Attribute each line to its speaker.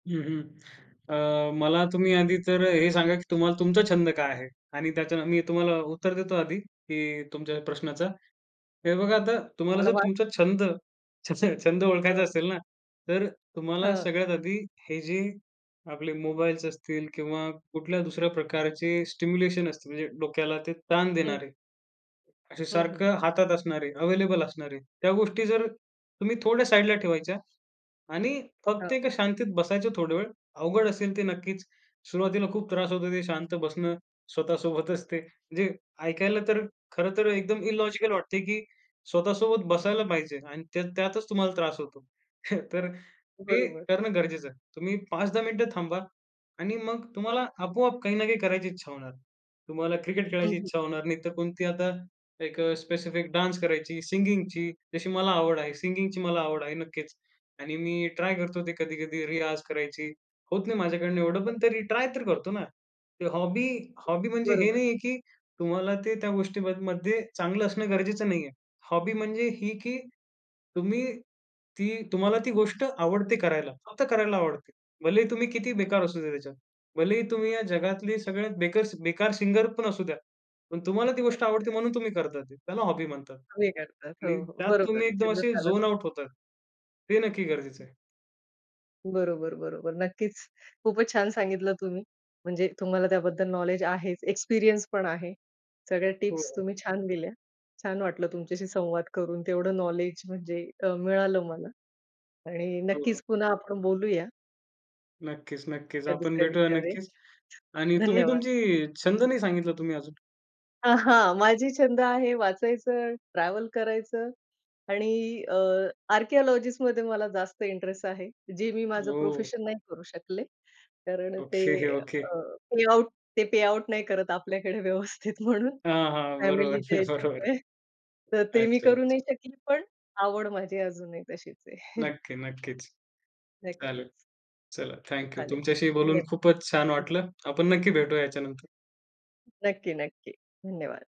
Speaker 1: हं, हं. अ, मला तुम्ही आधी तर हे सांगा, की तुम्हा तुमचा छंद काय आहे? आणि त्याच्य मी तुम्हाला उत्तर देतो आधी, की तुमच्या प्रश्नाचं. हे बघा, आता तुम्हाला
Speaker 2: तुम्हाला
Speaker 1: जर
Speaker 2: वाट
Speaker 1: तुमचा छंद छ छ छंद ओळखायचा
Speaker 2: हं.
Speaker 1: असेल ना, तर तुम्हाला
Speaker 2: हं.
Speaker 1: सगळ्यात आधी हे जे आपले मोबाईल्स असतील किंवा कुठल्या दुसऱ्या प्रकारचे स्टिम्युलेशन असतील. म्हणजे डोक्याला ते ताण
Speaker 2: हं.
Speaker 1: देणारे, असे
Speaker 2: हं, हं.
Speaker 1: सारखं हातात असणारे, अवेलेबल असणारे, त्या गोष्टी जर तुम्ही थोड्या साइडला ठेवायच्या आणि
Speaker 2: हं.
Speaker 1: फक्त एका शांतीत बसायचं थोडा वेळ. अवघड असेल ते नक्कीच. सुरुवातीला खूप त्रास होतो ते शांत बसणं स्वतःसोबतच ते. म्हणजे ऐकायला तर खरं तर एकदम इलॉजिकल वाटते, की स्वतःसोबत बसायला पाहिजे आणि त्या त्यातच तुम्हाला त्रास होतो. तर ते
Speaker 2: बरोबर.
Speaker 1: करणं गरजेचं आहे. तुम्ही 5-10 मिनिटं थांबा आणि मग तुम्हाला आपोआप काही ना काही करायची इच्छा होणार. तुम्हाला क्रिकेट
Speaker 2: हं,
Speaker 1: खेळायची
Speaker 2: हं.
Speaker 1: इच्छा होणार, नाही तर कोणती आता एक स्पेसिफिक डान्स करायची, सिंगिंगची, जशी मला आवड आहे सिंगिंगची मला आवड आहे, नक्कीच. आणि मी ट्राय करतो ते कधी-कधी रियाज करायची, होत नाही माझ्याकडून एवढं,
Speaker 2: हां.
Speaker 1: पण तरी ट्राय तर करतो ना. ते हॉबी हॉबी म्हणजे हे
Speaker 2: बरोबर.
Speaker 1: नाहीये, की तुम्हाला ते त्या गोष्टीमध्ये चांगलं असणं गरजेचं नाहीये. हॉबी म्हणजे ही, की तुम्ही ती तुम्हाला ती गोष्ट आवडते करायला. फक्त करायला आवडते. भलेही तुम्ही किती बेकार असूदेत त्याच्यात, भलेही तुम्ही या जगातली सगळ्यात बेकस बेकार सिंगर पण असू द्या, पण तुम्हाला ती गोष्ट आवडते म्हणून तुम्ही करता ती, त्याला हॉबी म्हणतात.
Speaker 2: कमी करतात,
Speaker 1: आणि
Speaker 2: हो, हो,
Speaker 1: त्यात
Speaker 2: बरोबर
Speaker 1: तुम्ही
Speaker 2: आहे.
Speaker 1: एकदम
Speaker 2: छंद
Speaker 1: असे
Speaker 2: [unintelligible]
Speaker 1: झोन आउट होतात. ते नक्की गरजेचं आहे.
Speaker 2: बरोबर, बरोबर, नक्कीच. खूपच छान सांगितलं तुम्ही. म्हणजे तुम्हाला त्याबद्दल नॉलेज आहेच, एक्सपिरियन्स पण आहे. सगळ्या
Speaker 1: हो,
Speaker 2: टिप्स
Speaker 1: हो.
Speaker 2: तुम्ही छान दिल्या. छान वाटलं तुमच्याशी संवाद करून. तेवढं नॉलेज म्हणजे अ, मिळालं मला. आणि
Speaker 1: हो, हो.
Speaker 2: नक्कीच पुन्हा आपण बोलूया.
Speaker 1: नक्कीच, नक्कीच.
Speaker 2: त्या
Speaker 1: आपण
Speaker 2: दुसऱ्या
Speaker 1: भेटूया,
Speaker 2: विचारे
Speaker 1: नक्कीच. आणि तुम्ही
Speaker 2: धन्यवाद.
Speaker 1: तुमची छंद नाही सांगितला, तुम्ही अजून.
Speaker 2: आहां, माझी छंद आहे, वाचायचं, ट्रॅव्हल करायचं आणि अ, आर्किओलॉजिस्टमध्ये मला जास्त इंटरेस्ट आहे. जे मी माझं
Speaker 1: हो.
Speaker 2: प्रोफेशन नाही करू शकले. कारण ते
Speaker 1: ओके, ओके.
Speaker 2: अ, पेआउट, ते पेआउट नाही करत आपल्याकडे व्यवस्थित म्हणून,
Speaker 1: हां, हां, बरोबर,
Speaker 2: फॅमिलीच्या
Speaker 1: बरोबर.
Speaker 2: याच्यामुळे. तर ते मी
Speaker 1: अच्छा,
Speaker 2: करू
Speaker 1: अच्छा.
Speaker 2: नाही शकली. पण आवड माझी अजूनही तशीच आहे.
Speaker 1: नक्की, नक्कीच.
Speaker 2: नक्कीच.
Speaker 1: चालेल. चला, थँक यू.
Speaker 2: चालेल,
Speaker 1: तुमच्याशी बोलून
Speaker 2: धन्य
Speaker 1: खूपच छान वाटलं. आपण नक्की भेटूया याच्यानंतर.
Speaker 2: नक्की, नक्की, धन्यवाद.